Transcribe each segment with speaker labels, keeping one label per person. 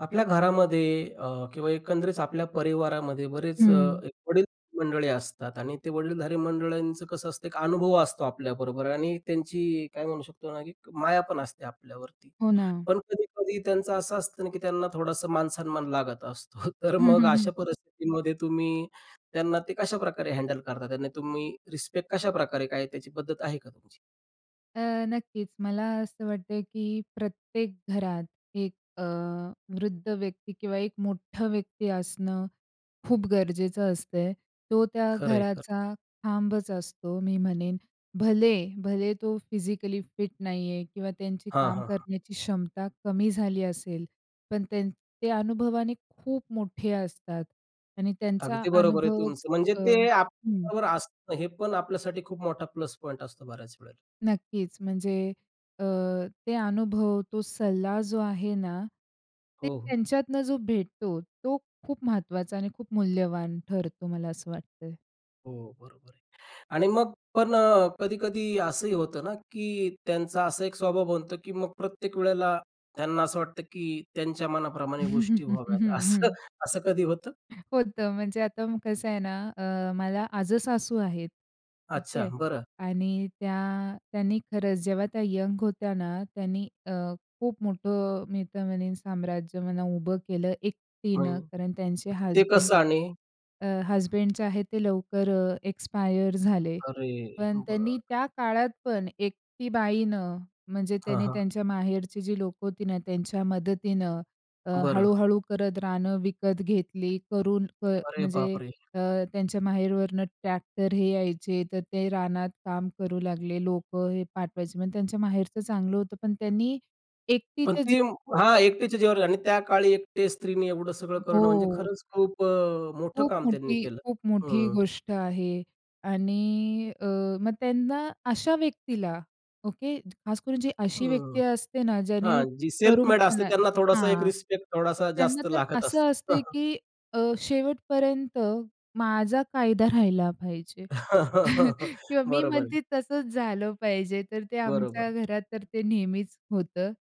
Speaker 1: आपल्या घरामध्ये अ, किंवा एकंदरीत आपल्या परिवारामध्ये बरेच अ,
Speaker 2: हं.
Speaker 1: एक वडीलधारी मंडळी असतात. आणि ते वडीलधारी मंडळींचं कसं असतं एक अनुभव असतो आपल्याबरोबर आणि त्यांची काय म्हणू शकतो ना की माया पण असते आपल्यावरती.
Speaker 2: हो ना.
Speaker 1: पण कधी-कधी त्यांचं असं असतं ना, की त्यांना थोडंसं मान-सन्मान लागत असतो. तर
Speaker 2: हं,
Speaker 1: मग
Speaker 2: हं,
Speaker 1: अशा
Speaker 2: हं.
Speaker 1: परिस्थितीमध्ये तुम्ही त्यांना ते कशाप्रकारे हँडल करता, तुम्ही रिस्पेक्ट कशा प्रकारे, काय त्याची पद्धत आहे का तुमची?
Speaker 2: अ, नक्कीच मला असं वाटतं की प्रत्येक घरात एक अ, वृद्ध व्यक्ती किंवा एक मोठा व्यक्ती असणं खूप गरजेचं असतंय, तो त्या
Speaker 1: खरंय. खरं.
Speaker 2: घराचा खांबच असतो, मी म्हणेन भले भले तो फिजिकली फिट नाही आहे किंवा त्यांची
Speaker 1: हां,
Speaker 2: काम
Speaker 1: हां.
Speaker 2: करण्याची क्षमता कमी झाली असेल. पण त्यां ते अनुभवाने खूप मोठे असतात आणि त्यांचा
Speaker 1: अगदी बरोबर आहे
Speaker 2: अनुभवच
Speaker 1: तुमचं. म्हणजे
Speaker 2: अ,
Speaker 1: ते
Speaker 2: हं.
Speaker 1: आपल्याबरोबर असणं हे पण आपल्यासाठी खूप मोठा प्लस पॉइंट असतो बऱ्याच वेळेला.
Speaker 2: नक्कीच. म्हणजे अ, ते अनुभव, तो सल्ला जो आहे ना, ते
Speaker 1: हो, हो.
Speaker 2: त्यांच्यातनं जो भेटतो तो खूप महत्वाचा आणि खूप मूल्यवान ठरतो मला असं वाटतंय.
Speaker 1: हो, बरोबर आहे. आणि मग पण अ, कधी-कधी असंही होतं ना की त्यांचा असा एक स्वभाव बनतो की मग प्रत्येक वेळेला त्यांना असं वाटतं की त्यांच्या मनाप्रमाणे गोष्टी
Speaker 2: हं,
Speaker 1: व्हाव्यात. असं,
Speaker 2: हं.
Speaker 1: असं कधी होतं?
Speaker 2: होतं, म्हणजे आता कसं आहे ना. अ, मला आजेसासू आहेत ठीक
Speaker 1: अच्छा,
Speaker 2: आहे
Speaker 1: बरं.
Speaker 2: आणि त्या त्यांनी खरंच, जेव्हा त्या यंग होत्या ना त्यांनी अ, खूप मोठं मी तर म्हणेन साम्राज्य म्हणा उभं केलं
Speaker 1: म्हण
Speaker 2: एकटीने. कारण त्यांचे
Speaker 1: म्हणजे ते
Speaker 2: हजबंड
Speaker 1: कसं आणि?
Speaker 2: अ, हजबंड जे आहे ते लवकर अ, एक्सपायर झाले.
Speaker 1: अरे,
Speaker 2: पण त्यांनी
Speaker 1: बरं.
Speaker 2: त्या काळात पण एकटी बाईनं म्हणजे,
Speaker 1: हां,
Speaker 2: त्याने
Speaker 1: हां.
Speaker 2: त्यांच्या माहेरची जी लोकं होती ना त्यांच्या मदतीनं अ,
Speaker 1: बरं.
Speaker 2: हळू-हळू करत रानं विकत घेतली, करून क
Speaker 1: अरे, बाप
Speaker 2: म्हणजे
Speaker 1: रे!
Speaker 2: अ, त्यांच्या माहेरवरून ट्रॅक्टर हे यायचे. तर ते रानात काम करू लागले. लोकं हे पाठवायचे पण त्यांच्या माहेरचं चांगलं होतं. पण त्यांनी
Speaker 1: पण
Speaker 2: एकटीच्या
Speaker 1: ते,
Speaker 2: जीवावर
Speaker 1: हां. एकट्याचे जिवावर आणि त्या काळी एकटे स्त्रीनी एवढं सगळं करणं म्हणजे
Speaker 2: हो.
Speaker 1: खरंच खूप अ, मोठं
Speaker 2: खूप
Speaker 1: काम त्यांनी
Speaker 2: मोठी,
Speaker 1: केलं.
Speaker 2: खूप मोठी
Speaker 1: हं.
Speaker 2: गोष्ट आहे. आणि अ, मग त्यांना अशा व्यक्तीला ओके, खास करून जी अशी व्यक्ती
Speaker 1: हं.
Speaker 2: असते ना ज्याने
Speaker 1: हां, जी सेल्फ मेड असते,
Speaker 2: तरुणपणे
Speaker 1: त्यांना थोडासा एक
Speaker 2: हां,
Speaker 1: रिस्पेक्ट थोडासा
Speaker 2: त्यांना
Speaker 1: जास्त
Speaker 2: तर
Speaker 1: लागत असतं.
Speaker 2: असं असतं की अ, शेवटपर्यंत माझा कायदा राहिला पाहिजे किंवा मी
Speaker 1: बरोबर आहे.
Speaker 2: म्हणते तसंच झालं पाहिजे. तर ते आमच्या
Speaker 1: बरोबर.
Speaker 2: घरात तर ते नेहमीच होतं.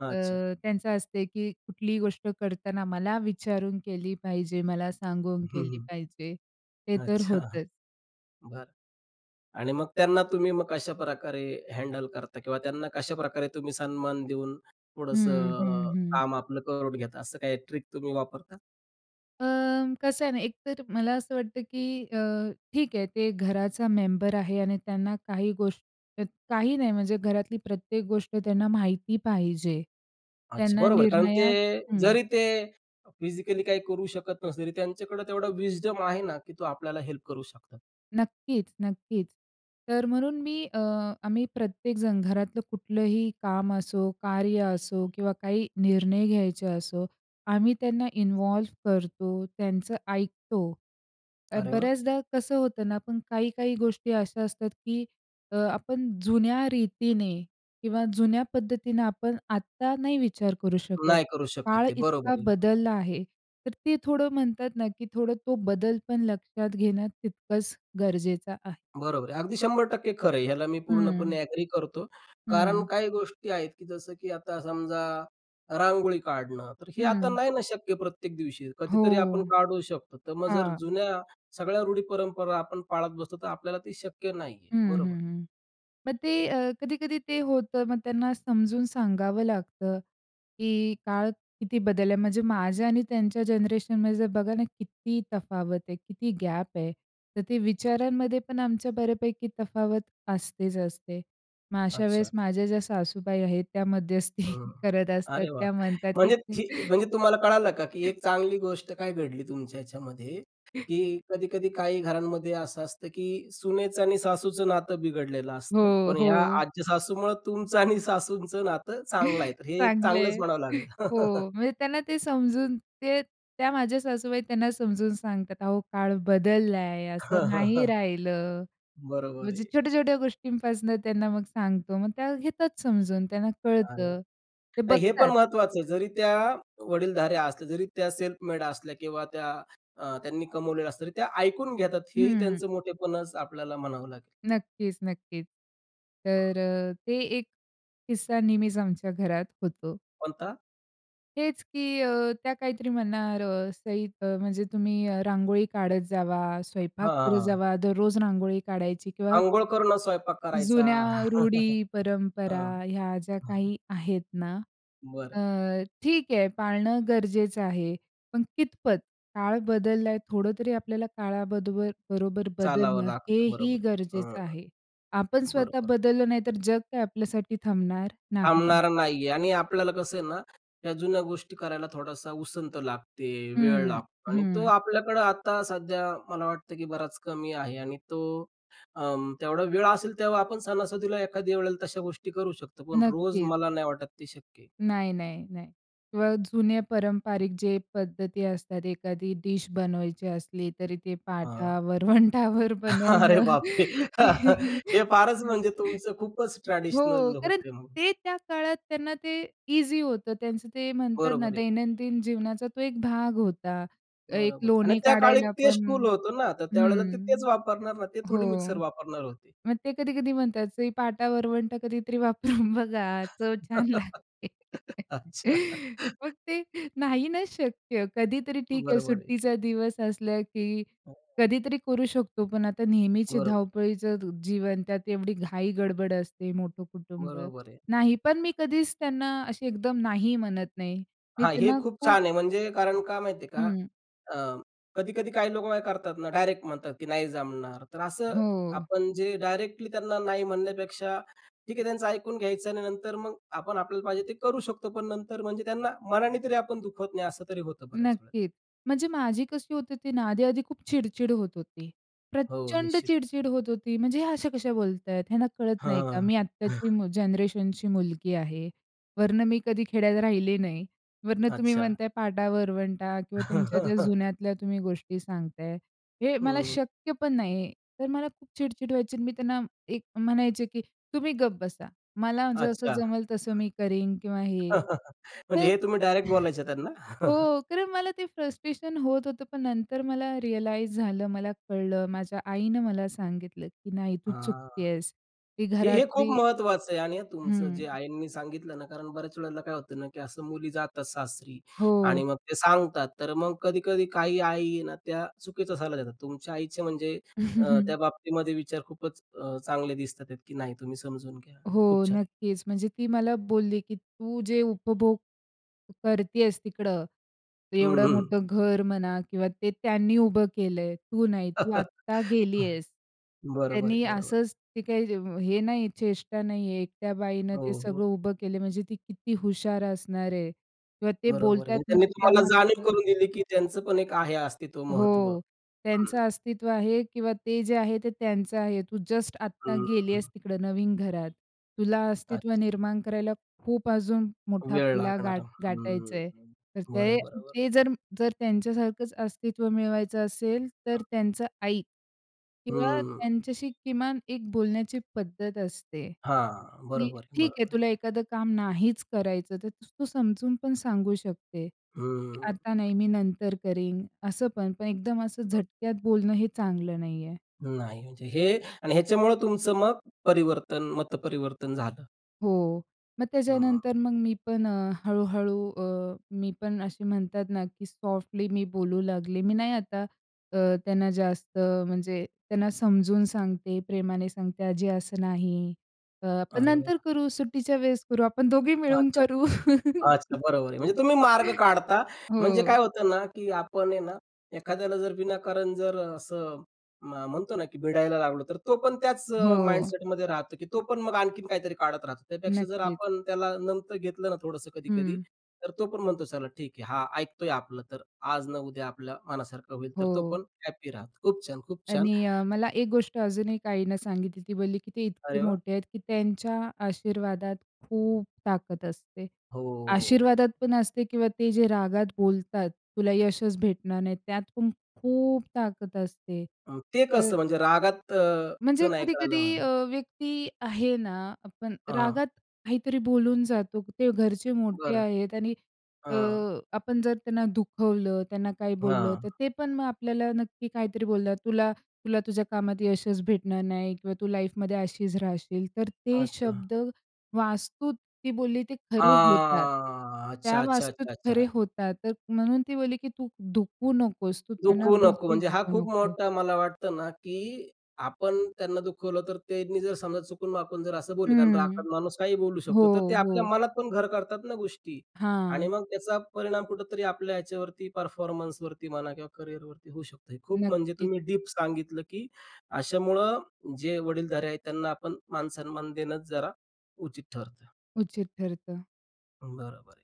Speaker 1: अच्छा.
Speaker 2: अ, त्यांचं असते, की कुठलीही गोष्ट करताना मला विचारून केली पाहिजे, मला सांगून
Speaker 1: हं,
Speaker 2: केली
Speaker 1: हं.
Speaker 2: पाहिजे. ते तर
Speaker 1: अच्छा.
Speaker 2: होतंच.
Speaker 1: बरं, आणि मग त्यांना तुम्ही मग कशाप्रकारे हँडल करता? किंवा त्यांना कशाप्रकारे तुम्ही सन्मान देऊन थोडंसं
Speaker 2: हं, हं,
Speaker 1: अ,
Speaker 2: हं.
Speaker 1: काम आपलं करून घेता? असं काही ट्रिक तुम्ही वापरता?
Speaker 2: अं, कसं आहे ना, एक तर मला असं वाटतं, की अ, ठीक आहे ते घराचा मेंबर आहे आणि त्यांना काही गोष्ट काही नाही म्हणजे घरातली प्रत्येक गोष्ट त्यांना माहिती पाहिजे.
Speaker 1: अच्छा,
Speaker 2: त्यांना
Speaker 1: बरोबर. कारण ते
Speaker 2: निर्णयात हं.
Speaker 1: जरी ते, अ, फिजिकली काही करू शकत नसले तरी त्यांच्याकडे तेवढा विस्डम आहे ना, की तो आपल्याला ते हेल्प करू शकतात.
Speaker 2: नक्कीच, नक्कीच. तर म्हणून मी अ, आम्ही प्रत्येक जण घरातलं कुठलंही काम असो, कार्य असो किंवा काही निर्णय घ्यायचे असो, आम्ही त्यांना इन्व्हॉल्व करतो, त्यांचं ऐकतो.
Speaker 1: अरे वाह!
Speaker 2: बऱ्याचदा कसं होतं ना, पण काही काही गोष्टी अशा असतात, की आपण जुन्या रीतीने किंवा जुन्या पद्धतीनं आपण आत्ता नाही विचार करू शकत.
Speaker 1: नाही करू शकत,
Speaker 2: काळ
Speaker 1: ते
Speaker 2: इतका
Speaker 1: बरोबर आहे.
Speaker 2: बदलला आहे, तर ते थोडं म्हणतात ना, की थोडं तो बदल पण लक्षात घेणं तितकंच गरजेचं आहे.
Speaker 1: बरोबर आहे. अगदी 100% खरं आहे. ह्याला मी
Speaker 2: हं.
Speaker 1: पूर्णपणे एग्री करतो. कारण
Speaker 2: हं.
Speaker 1: काही गोष्टी आहेत की जसं, की आता समजा, रांगोळी काढणं. तर हे आता
Speaker 2: हं.
Speaker 1: नाही ना शक्य प्रत्येक दिवशी
Speaker 2: हो.
Speaker 1: कधीतरी आपण काढू शकतो. तर मग जर
Speaker 2: हां.
Speaker 1: जुन्या, सगळ्या रूढी परंपरा आपण पाळत बसतो, तर आपल्याला ते शक्य नाही आहे.
Speaker 2: हं,
Speaker 1: बरोबर.
Speaker 2: हं, हं. मग ते अ, कधी-कधी ते होतं मग त्यांना समजून सांगावं लागतं. की काळ किती बदल आहे, म्हणजे माझ्या आणि त्यांच्या जनरेशनमध्ये जर बघा ना, किती तफावत आहे किती गॅप आहे. तर ते विचारांमध्ये पण आमच्या बऱ्यापैकी तफावत असतेच असते. मग अशा
Speaker 1: अच्छा.
Speaker 2: वेळेस माझ्या ज्या सासूबाई आहेत त्या मध्यस्थी
Speaker 1: हं.
Speaker 2: करत असतात,
Speaker 1: अरे वाह!
Speaker 2: त्या म्हणतात की
Speaker 1: म्हणजे ही म्हणजे तुम्हाला कळालं का, की एक चांगली गोष्ट काय घडली तुमच्या ह्याच्यामध्ये, की कधी-कधी काही घरांमध्ये असं असतं, की सुनेचं आणि सासूचं नातं बिघडलेलं असतं.
Speaker 2: हो,
Speaker 1: पण ह्या
Speaker 2: हो.
Speaker 1: आजच्या सासूमुळं तुमचं आणि सासूंचं नातं चांगलं आहे. तर हे एक
Speaker 2: चांगल
Speaker 1: चांगलंच
Speaker 2: आहे.
Speaker 1: म्हणावं लागेल.
Speaker 2: हो, म्हणजे त्यांना ते समजून, ते त्या माझ्या सासूबाई त्यांना समजून सांगतात, अहो काळ बदललाय असं नाही राहिलं.
Speaker 1: बरोबर
Speaker 2: म्हणजे
Speaker 1: आहे.
Speaker 2: छोट्या-छोट्या गोष्टींपासून त्यांना मग सांगतो मग त्या घेतात समजून, त्यांना
Speaker 1: अरे वाह.
Speaker 2: कळतं. ते
Speaker 1: नाही हे पण
Speaker 2: बघतात.
Speaker 1: महत्वाचं आहे. जरी त्या, वडीलधाऱ्या असल्या जरी त्या सेल्फ मेड असल्या किंवा त्या अ, त्यांनी कमवलेला असतात, तरी त्या ऐकून घेतात. हेही
Speaker 2: हं.
Speaker 1: त्यांचं मोठेपणच आपल्याला म्हणावं लागेल.
Speaker 2: नक्कीच, नक्कीच.
Speaker 1: हं.
Speaker 2: तर ते एक किस्सा नेहमीच आमच्या घरात होतो.
Speaker 1: कोणता?
Speaker 2: हेच की अ, त्या काहीतरी म्हणणार, अ, सईद अ, म्हणजे तुम्ही रांगोळी काढत जावा, स्वयंपाक
Speaker 1: हां, हां,
Speaker 2: करत
Speaker 1: हां.
Speaker 2: जावा, दररोज रांगोळी काढायची किंवा
Speaker 1: अंघोळ करूनच स्वयंपाक करायचा.
Speaker 2: जुन्या रूढी परंपरा,
Speaker 1: हं.
Speaker 2: ह्या ज्या
Speaker 1: हं.
Speaker 2: काही आहेत ना
Speaker 1: बरं.
Speaker 2: अ, ठीक आहे, पाळणं गरजेचं आहे, पण कितपत? काळ बदलला आहे, थोडं तरी आपल्याला काळाबदोबर काळाबरोबर
Speaker 1: चालावं
Speaker 2: बदलणं
Speaker 1: लागतं,
Speaker 2: हेही
Speaker 1: बरोबर. हं,
Speaker 2: गरजेचं आहे. आपण स्वतः
Speaker 1: बरोबर.
Speaker 2: बदललो नाही, तर जग काही आपल्यासाठी थांबणार नाही.
Speaker 1: थांबणारा नाही आहे. आणि आपल्याला कसं आहे ना, या जुन्या गोष्टी करायला थोडासा उसंत लागते, वेळ
Speaker 2: हं,
Speaker 1: लागतो आणि तो
Speaker 2: हं.
Speaker 1: आपल्याकडे आता सध्या, मला वाटतं, की बराच कमी आहे. आणि तो अं, तेवढा वेळ असेल तेव्हा आपण सणासुदीला एखाद्या वेळेला तशा गोष्टी करू शकतो. पण रोज
Speaker 2: नक्कीच.
Speaker 1: मला नाही वाटत ते शक्य आहे.
Speaker 2: नाही, नाही, नाही. किंवा जुने पारंपारिक जे पद्धती असतात, एखादी डिश बनवायची असली तरी ते
Speaker 1: हां.
Speaker 2: पाटा-वरवंटावर
Speaker 1: अरे
Speaker 2: बनवणं.
Speaker 1: बापरे! हे फारच म्हणजे तुमचं खूपच
Speaker 2: हो,
Speaker 1: ट्रेडिशनल
Speaker 2: कारण
Speaker 1: होतंय म्हणून.
Speaker 2: ते त्या काळात त्यांना ते ईझी होतं, त्यांचं ते म्हणतात ना,
Speaker 1: बरोबर आहे.
Speaker 2: दैनंदिन जीवनाचा तो एक भाग होता. एक
Speaker 1: बरोबर आहे. आणि
Speaker 2: लोणी
Speaker 1: त्या काळी
Speaker 2: काढायला
Speaker 1: तेच
Speaker 2: पण
Speaker 1: टूल होतं ना, तर त्यावेळेला ते
Speaker 2: हं,
Speaker 1: तेच वापरणार ना, ते थोडी मिक्सर
Speaker 2: हो.
Speaker 1: वापरणार होते.
Speaker 2: मग ते कधी-कधी म्हणतात, सई, पाटा-वरवंटा कधीतरी वापरून बघा, चव छान लागते.
Speaker 1: अच्छा.
Speaker 2: मग ते नाही नाच शक्य. कधीतरी ठीक आहे,
Speaker 1: बरोबर आहे.
Speaker 2: सुट्टीचा दिवस असला, की कधीतरी करू शकतो पण आता नेहमीची
Speaker 1: बरोबर.
Speaker 2: धावपळीचं जीवन, त्यात एवढी घाई गडबड असते, मोठं कुटुंब,
Speaker 1: बरोबर आहे.
Speaker 2: नाही पण मी कधीच त्यांना अशी एकदम नाही म्हणत नाही. मी
Speaker 1: हां, हे
Speaker 2: त्यांना
Speaker 1: खूप
Speaker 2: खूप
Speaker 1: छान आहे, म्हणजे कारण, का माहिती आहे का?
Speaker 2: हं.
Speaker 1: अ, कधी-कधी काही लोक करतात ना, डायरेक्ट म्हणतात की नाही जमणार. तर असं
Speaker 2: हो.
Speaker 1: आपण जे डायरेक्टली त्यांना नाही म्हणण्यापेक्षा, ठीक आहे त्यांचं ऐकून घ्यायचं आणि नंतर मग आपण आपल्याला पाहिजे ते करू शकतो. पण नंतर म्हणजे त्यांना मनाने तरी आपण दुखवत नाही. असं तरी होतं बऱ्याच वेळेला.
Speaker 2: नक्कीच, म्हणजे माझी कशी होत होती ना? आधी-आधी खूप चिडचिड होत होती,
Speaker 1: हो,
Speaker 2: प्रचंड
Speaker 1: निश्चित.
Speaker 2: चिडचिड होत होती. म्हणजे ह्या अशा कशा बोलतायत? ह्यांना कळत नाही का?
Speaker 1: हां,
Speaker 2: मी
Speaker 1: हां.
Speaker 2: आत्ताची मु जनरेशनची मुलगी आहे, वरनं मी कधी खेड्यात राहिले नाही. वरनं तुम्ही
Speaker 1: अच्छा.
Speaker 2: म्हणताय, पाटा-वरवंटा किंवा तुमच्या ज्या जुन्यातल्या तुम्ही गोष्टी सांगताय, हे मला
Speaker 1: हं.
Speaker 2: शक्य पण नाही तर मला खूप चिडचिड व्हायची आणि मी त्यांना एक म्हणायचे, की "तुम्ही गप्प बसा! मला जसं
Speaker 1: अच्छा.
Speaker 2: जमेल तसं मी करीन, किंवा हे."
Speaker 1: म्हणजे
Speaker 2: तर
Speaker 1: हे तुम्ही डायरेक्ट बोलायचं त्यांना.
Speaker 2: हो, कारण मला ते फ्रस्ट्रेशन होत होतं. पण नंतर मला रिअलाईज झालं, मला कळलं, माझ्या आईने मला सांगितलं की "नाही, तू
Speaker 1: हां,
Speaker 2: चुकत आहेस, ती
Speaker 1: हे-हे खूप
Speaker 2: घरातली"
Speaker 1: महत्वाचं आहे आणि आ तुमचं
Speaker 2: हं.
Speaker 1: जे आईंनी सांगितलं ना कारण बऱ्याच वेळेला काय होतं ना की असं मुली जातात सासरी
Speaker 2: हो.
Speaker 1: आणि मग ते सांगतात. तर मग कधी-कधी काही आई आहे ना त्या चुकीचा सल्ला देतात. तुमच्या आईचे म्हणजे अ, त्या बाबतीमध्ये विचार खूपच अ, चांगले दिसतातेत की नाही तुम्ही समजून घ्या.
Speaker 2: हो,
Speaker 1: खूप छान.
Speaker 2: नक्कीच, म्हणजे ती मला बोलली की "तू जे उपभोग करत आहेस, तिकडं
Speaker 1: हं,
Speaker 2: एवढं
Speaker 1: हं.
Speaker 2: मोठं घर म्हणा किंवा ते त्यांनी उभं केले आहे, तू नाही, तू आत्ता गेली आहेस.
Speaker 1: बरोबर आहे,
Speaker 2: त्यांनी
Speaker 1: बरोबर आहे.
Speaker 2: असंच, ती काही हे नाही आहे, चेष्टा नाही आहे एकट्या बाईनं
Speaker 1: हो,
Speaker 2: ते
Speaker 1: हो.
Speaker 2: सगळं उभं केले आहे, म्हणजे ती किती हुशार असणार आहे किंवा ते
Speaker 1: बरोबर आहे.
Speaker 2: बोलतायत,
Speaker 1: मग त्यांनी
Speaker 2: म्हणजे
Speaker 1: तुम्हाला जाणीव
Speaker 2: त्यामागचं"
Speaker 1: करून दिली की त्यांचं पण एक आहे अस्तित्व महत्व.
Speaker 2: हो,
Speaker 1: हं.
Speaker 2: "त्यांचं अस्तित्व आहे, किंवा ते जे आहे, ते त्यांचं आहे, तू जस्ट आता
Speaker 1: हं,
Speaker 2: गेली
Speaker 1: हं.
Speaker 2: आहेस तिकडं नवीन घरात. तुला अस्तित्व
Speaker 1: अच्छा.
Speaker 2: निर्माण करायला खूप अजून मोठा
Speaker 1: वेळ
Speaker 2: पल्ला
Speaker 1: लागणार
Speaker 2: गाठ गाठायच
Speaker 1: हं,
Speaker 2: आहे,
Speaker 1: हं.
Speaker 2: तर
Speaker 1: बरं, बरं, बरं.
Speaker 2: ते-ते जर-जर त्यांच्यासारखंच अस्तित्व मिळवायचं असेल, तर
Speaker 1: [unintelligible]
Speaker 2: त्यांचं ऐक किंवा
Speaker 1: हं.
Speaker 2: त्यांच्याशी किमान एक बोलण्याची पद्धत असते.
Speaker 1: हां,
Speaker 2: की
Speaker 1: बरोबर आहे,
Speaker 2: ठीक आहे,
Speaker 1: बरोबर आहे.
Speaker 2: तुला एखादं काम नाहीच करायचं, तर तू समजून पण सांगू शकते, की
Speaker 1: हं.
Speaker 2: आता नाही, मी नंतर करीन, असं पण, पण एकदम असं झटक्यात बोलणं हे चांगलं नाहीये."
Speaker 1: नाही, म्हणजे हे आणि ह्याच्यामुळे तुमचं मग परिवर्तन, मतपरिवर्तन झालं.
Speaker 2: हो. मग
Speaker 1: हां.
Speaker 2: त्याच्यानंतर मग मी पण अ, हळूहळू अ, मी पण असे म्हणतात ना, की सॉफ्टली मी बोलू लागले. मी नाही आता अ,
Speaker 1: हं.
Speaker 2: त्यांना जास्त म्हणजे, त्यांना समजवून सांगते, प्रेमाने सांगते. आजी असं नाही. अ, आपण
Speaker 1: अरे
Speaker 2: नंतर
Speaker 1: वा!
Speaker 2: करू, सुट्टीच्या वेळेस करू, आपण दोघी मिळून
Speaker 1: अच्छा.
Speaker 2: करू.
Speaker 1: अच्छा, बरोबर आहे. म्हणजे तुम्ही मार्ग काढता. म्हणजे
Speaker 2: हो.
Speaker 1: काय होतं ना की आपण आहे ना, एखाद्याला जर विनाकारण जर असं, म म्हणतो ना, की भिडायला लागलो, तर तो पण त्याच अ,
Speaker 2: हो.
Speaker 1: माइंडसेटमध्ये राहतो की तो पण मग आणखीन काहीतरी काढत राहतो. त्यापेक्षा जर
Speaker 2: नक्कीच.
Speaker 1: आपण त्याला नमतं घेतलं ना थोडंसं कधी-कधी,
Speaker 2: हं.
Speaker 1: तर तो पण म्हणतो चला ठीक आहे. हा ऐकतोय आपलं. तर आज ना उद्या आपल्या मनासारखं होईल. तर तो
Speaker 2: हो.
Speaker 1: पण हॅपी राहतो. खूप छान, खूप छान.
Speaker 2: आणि अ, मला एक गोष्ट अजून एक आईनं सांगितली. ती बोलली की ते इतके
Speaker 1: अरे वाह!
Speaker 2: मोठे आहेत, की त्यांच्या आशीर्वादात खूप ताकद असते.
Speaker 1: हो.
Speaker 2: आशीर्वादात पण असते किंवा ते जे रागात बोलतात, "तुला यशच भेटणार नाही," त्यात पण खूप ताकद असते.
Speaker 1: अ, ते
Speaker 2: तर
Speaker 1: कसं? म्हणजे रागात अ, च
Speaker 2: म्हणजे
Speaker 1: नाही कळलं
Speaker 2: कधी-कधी अ,
Speaker 1: मला.
Speaker 2: व्यक्ती आहे ना, आपण
Speaker 1: अ, हां.
Speaker 2: रागात काहीतरी बोलून जातो. ते घरचे मोठे
Speaker 1: बरं.
Speaker 2: आहेत आणि अ,
Speaker 1: हां.
Speaker 2: आपण जर त्यांना दुखवलं, त्यांना काही बोललं, तर
Speaker 1: हां.
Speaker 2: ते पण मग आपल्याला नक्की काहीतरी बोलतात. तुला, तुला तुझ्या कामात यशच भेटणार नाही किंवा तू लाईफमध्ये अशीच राहशील. तर ते
Speaker 1: अच्छा.
Speaker 2: शब्द वास्तूत, ती बोलली ते खरे होतात.
Speaker 1: हां.
Speaker 2: त्या
Speaker 1: अच्छा, अच्छा, अच्छा,
Speaker 2: वास्तूत खरे
Speaker 1: अच्छा!
Speaker 2: होतात. तर म्हणून ती बोलली, की तू दुखवू नकोस. तू त्यांना
Speaker 1: दुखवू नको.
Speaker 2: बिलकुल
Speaker 1: म्हणजे हा
Speaker 2: दुखवू
Speaker 1: खूप
Speaker 2: नको.
Speaker 1: मोठा मला वाटतं ना, की आपण त्यांना दुखवलं तर त्यांनी जर समजा चुकून-वाकून जर असं बोलले. कारण
Speaker 2: हं.
Speaker 1: रागात माणूस काहीही बोलू
Speaker 2: हो,
Speaker 1: शकतो. तर ते आपल्या
Speaker 2: हो.
Speaker 1: मनात पण घर करतात ना गोष्टी. आणि
Speaker 2: हां.
Speaker 1: मग त्याचा परिणाम कुठेतरी आपल्या ह्याच्यावरती, परफॉर्मन्सवरती म्हणा किंवा कॅरियरवरती होऊ शकतं. खूप म्हणजे
Speaker 2: नक्कीच.
Speaker 1: तुम्ही डीप सांगितलं, की अशामुळं जे वडीलधारे आहेत त्यांना आपण मानसन्मान देणंच जरा, उचित ठरतं.
Speaker 2: उचित ठरतं.
Speaker 1: बरं, बरं.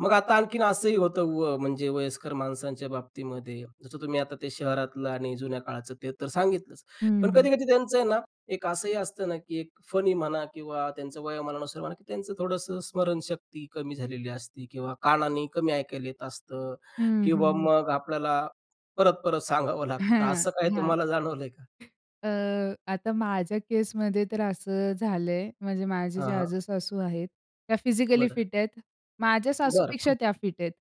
Speaker 1: मग आता आणखीन असंही होतं व म्हणजे वयस्कर माणसांच्या बाबतीमध्ये. जसं तुम्ही आता ते शहरातलं आणि जुन्या काळाचं ते तर सांगितलंच.
Speaker 2: हं,
Speaker 1: पण
Speaker 2: हं.
Speaker 1: कधी-कधी त्यांचं आहे ना, एक असंही असतं ना की एक फनी म्हणा किंवा त्यांचं वयामानानुसार म्हणा की त्यांचं थोडंसं स्मरणशक्ती कमी झालेली असते किंवा कानाने कमी ऐकायला येत असतं
Speaker 2: हं,
Speaker 1: किंवा
Speaker 2: हं.
Speaker 1: मग आपल्याला परत, परत सांगावं लागतं. तर
Speaker 2: हं,
Speaker 1: असं काय
Speaker 2: हं.
Speaker 1: तुम्हाला जाणवलंय का?
Speaker 2: अ, आता माझ्या केसमध्ये तर असं झालंय. म्हणजे माझ्या
Speaker 1: हां,
Speaker 2: ज्या
Speaker 1: हां.
Speaker 2: आजेसासू आहेत त्या फिजिकली
Speaker 1: बरं.
Speaker 2: फिट आहेत. माझ्या
Speaker 1: बरं,
Speaker 2: सासूपेक्षा
Speaker 1: खूप.
Speaker 2: त्या फिट आहेत.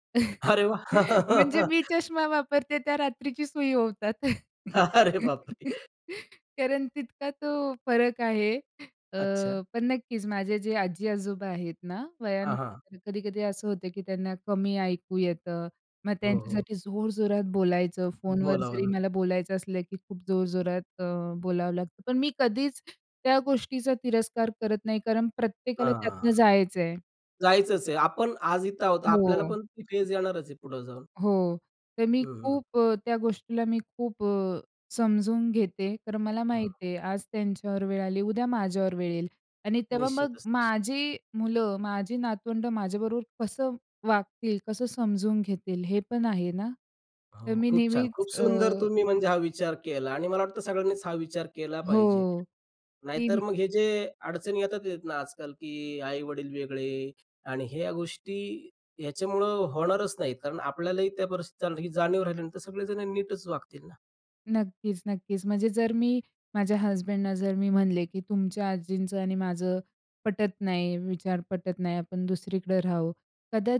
Speaker 1: अरे
Speaker 2: म्हणजे
Speaker 1: वाह!
Speaker 2: मी चष्मा वापरते. त्या रात्रीची सुई ओवतात.
Speaker 1: अरे बापरे!
Speaker 2: कारण तितका तो फरक आहे. अ,
Speaker 1: अच्छा.
Speaker 2: पण नक्कीच माझे जे आजी-आजोबा आहेत ना,
Speaker 1: हां, हां.
Speaker 2: वयानुसार कधी-कधी असं होतं, की त्यांना कमी ऐकू येतं, मग
Speaker 1: हो, हो.
Speaker 2: त्यांच्यासाठी जोरजोरात बोलायचं. फोनवर
Speaker 1: बोलावं
Speaker 2: जरी
Speaker 1: लागतं.
Speaker 2: मला बोलायचं असलं की खूप जोरजोरात अ, बोलावं लागतं. पण मी कधीच त्या गोष्टीचा तिरस्कार करत नाही कारण प्रत्येकाला
Speaker 1: हां.
Speaker 2: त्यातनं जायचं आहे.
Speaker 1: जायचंच आहे. आपण आज इथे आहोत. आपल्याला
Speaker 2: हो.
Speaker 1: पण ती फेज येणारच आहे पुढे जाऊन.
Speaker 2: हो. तर मी
Speaker 1: हं, हं.
Speaker 2: खूप अ, त्या गोष्टीला मी खूप अ, समजून घेते. तर मला माहीत
Speaker 1: हां.
Speaker 2: आहे आज त्यांच्यावर वेळ आली, उद्या माझ्यावर वेळ येईल आणि तेव्हा मग
Speaker 1: निश्चितच, निश्चितच.
Speaker 2: माझी मुलं, माझी नातवंडं माझ्याबरोबर कसं वागतील, कसं समजून घेतील? हे पण आहे ना?
Speaker 1: हो
Speaker 2: तर मी
Speaker 1: खूप छान.
Speaker 2: नेहमीच
Speaker 1: खूप सुंदर
Speaker 2: अ
Speaker 1: तुम्ही म्हणजे हा विचार केला आणि मला वाटतं सगळ्यांनीच हा विचार केला पाहिजे.
Speaker 2: हो
Speaker 1: नाहीतर
Speaker 2: कीम
Speaker 1: मग हे जे अडचणी येतात ना, आजकाल की आई-वडील वेगळे आणि ह्या गोष्टी ह्याच्यामुळं होणारच नाहीत, कारण आपल्यालाही त्या परिस्थिती, ही जाणीव राहिल्यानंतर सगळेजण नीटच वागतील ना?
Speaker 2: नक्कीच-नक्कीच. म्हणजे जर मी माझ्या हसबँडना जर मी म्हणले की, "तुमच्या आजींचं आणि माझं पटत नाही, विचार पटत नाही आपण दुसरीकडे राहू"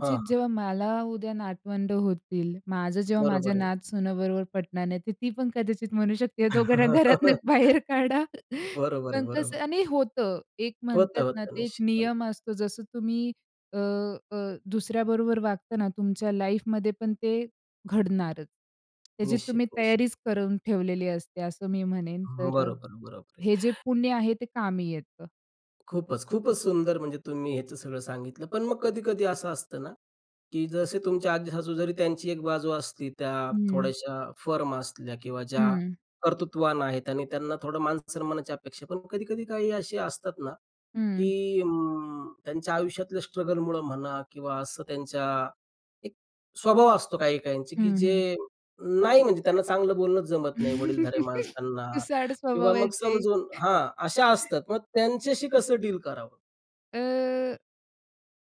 Speaker 1: हां, हां.
Speaker 2: जेव्हा मला उद्या नातवंडं होतील, माझं जेव्हा माझ्या
Speaker 1: बरोबर आहे.
Speaker 2: नात सुनबरोबर पटणार नाही तर ती पण कदाचित म्हणू शकते, "ह्या दोघांना घरातनं बाहेर काढा."
Speaker 1: बरोबर आहे,
Speaker 2: पण कसं
Speaker 1: बरोबर.
Speaker 2: आणि होतं. एक
Speaker 1: होतं,
Speaker 2: म्हणतात ना,
Speaker 1: होतं,
Speaker 2: ते एक
Speaker 1: निश्चितपणे.
Speaker 2: नियम असतो जसं तुम्ही अ, अ, दुसऱ्या बरोबर वागता ना तुमच्या लाईफ मध्ये पण ते घडणारच. त्याची
Speaker 1: निश्चित,
Speaker 2: तुम्ही
Speaker 1: निश्चित.
Speaker 2: तयारीच करून ठेवलेली असते असं मी म्हणेन
Speaker 1: हं,
Speaker 2: तर अ,
Speaker 1: बरोबर, बरोबर आहे.
Speaker 2: हे जे पुण्य आहे ते कामी येतं.
Speaker 1: खूपच, खूपच सुंदर म्हणजे तुम्ही ह्याचं सगळं सांगितलं. पण मग कधी-कधी असं असतं ना, की जसे तुमचे आजी-सासू जरी त्यांची एक बाजू असती त्या
Speaker 2: हं.
Speaker 1: थोड्याशा फर्म असल्या किंवा ज्या
Speaker 2: हं.
Speaker 1: कर्तृत्वान आहेत आणि त्यांना थोडं मान-सन्मानाची अपेक्षा आहे. पण कधी-कधी काही असे असतात ना,
Speaker 2: हं.
Speaker 1: की अं, त्यांच्या आयुष्यातल्या स्ट्रगल मुळं म्हणा किंवा असं त्यांच्या एक स्वभाव असतो काही-काहींचे, की
Speaker 2: हं, हं.
Speaker 1: जे, नाही म्हणजे त्यांना चांगलं बोलणं जमत नाही. वडीलधाऱ्या माणसांना
Speaker 2: तुसाड
Speaker 1: किंवा मग
Speaker 2: स्वभावाचे.
Speaker 1: समजून हां, अशा असतात मग त्यांच्याशी कसं डील करावं?
Speaker 2: अ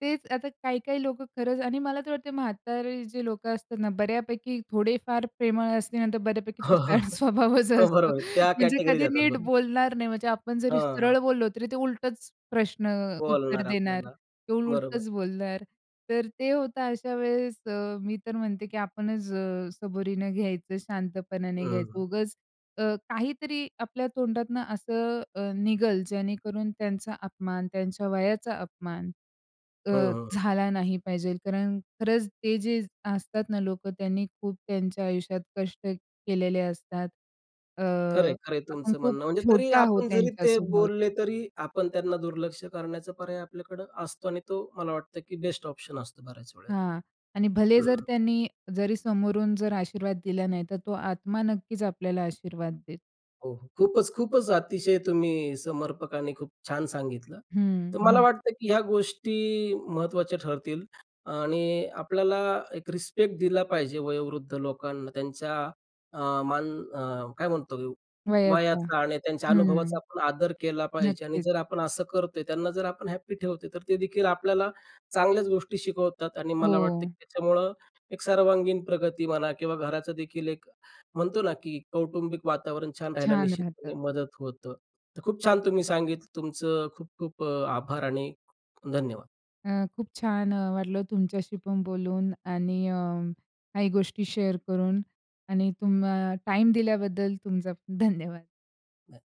Speaker 2: तेच आता काही काही लोकं खरंच आणि मला तर वाटतंय म्हातारे जे लोकं असतात ना, बऱ्यापैकी थोडे फार प्रेमळ असली नंतर बऱ्यापैकी तुटाळ स्वभावच
Speaker 1: हो
Speaker 2: असतो.
Speaker 1: बरोबर आहे. त्या
Speaker 2: म्हणजे
Speaker 1: कॅटेगरी
Speaker 2: कधी
Speaker 1: देतात.
Speaker 2: नीट
Speaker 1: बरोबर.
Speaker 2: बोलणार नाही, म्हणजे आपण
Speaker 1: हं,
Speaker 2: जरी
Speaker 1: हं.
Speaker 2: सरळ बोललो तरी ते उलटच प्रश्न अ, उत्तर
Speaker 1: बोलणार
Speaker 2: देणार,
Speaker 1: आपल्याला.
Speaker 2: ते
Speaker 1: बरोबर.
Speaker 2: उलटच बोलणार. तर ते होतं, अशा वेळेस अ, मी तर म्हणते की आपणच अ, सबुरीने घ्यायचं, शांतपणाने घ्यायचं,
Speaker 1: अं.
Speaker 2: उगचं अ, काहीतरी आपल्या तोंडातनं असं अ, निघल जेणेकरून त्यांचा अपमान, त्यांच्या वयाचा अपमान अ,
Speaker 1: ह, अं, अ.
Speaker 2: झाला नाही पाहिजे कारण खरंच ते जे असतात ना लोकं, त्यांनी खूप त्यांच्या आयुष्यात कष्ट केलेले असतात. अ,
Speaker 1: खरंय, खरंय,
Speaker 2: आपण
Speaker 1: तुमचं
Speaker 2: खूप
Speaker 1: म्हणणं. म्हणजे तरी
Speaker 2: छोटे आहोत
Speaker 1: आपण जरी ते
Speaker 2: त्यांच्यासमोर.
Speaker 1: बोलले तरी आपण त्यांना दुर्लक्ष करण्याचा पर्याय आपल्याकडं असतो आणि तो मला वाटतं की बेस्ट ऑप्शन असतो बऱ्याच वेळेला.
Speaker 2: हां. आणि भले जर
Speaker 1: हं.
Speaker 2: त्यांनी जरी समोरून जर आशीर्वाद दिला नाही, तर तो आत्मा नक्कीच आपल्याला आशीर्वाद देतो.
Speaker 1: हो खूपच, खूपच अतिशय तुम्ही समर्पक आणि खूप छान सांगितलं.
Speaker 2: हं,
Speaker 1: तर मला
Speaker 2: हं.
Speaker 1: वाटतं की ह्या गोष्टी महत्वाच्या ठरतील आणि आपल्याला एक रिस्पेक्ट दिला पाहिजे वयोवृद्ध लोकांना त्यांच्या अ, मान अ, काय म्हणतो
Speaker 2: वयाचा
Speaker 1: वयाचा आणि त्यांच्या अनुभवाचा
Speaker 2: हं,
Speaker 1: आपण आदर केला पाहिजे. आणि
Speaker 2: नक्कीच.
Speaker 1: जर आपण असं करतोय, त्यांना जर आपण हॅपी ठेवतो. तर ते देखील आपल्याला चांगल्याच गोष्टी शिकवतात आणि मला वाटतं
Speaker 2: हो.
Speaker 1: की त्याच्यामुळं एक सर्वांगीण प्रगती म्हणा किंवा घराचंदेखील एक म्हणतो ना की कौटुंबिक वातावरण छान राहायला
Speaker 2: छान राहतं.
Speaker 1: निश्चितपणे मदत होतं. तर खूप छान तुम्ही सांगितलं. तुमचं खूप, खूप अ, आभार आणि धन्यवाद.
Speaker 2: अ, खूप छान अ, वाटलं तुमच्याशीपण बोलून आणि अ, काही गोष्टी शेअर करून आणि तुम अ, टाईम दिल्याबद्दल तुमचा खूप धन्यवाद.
Speaker 1: [unintelligible]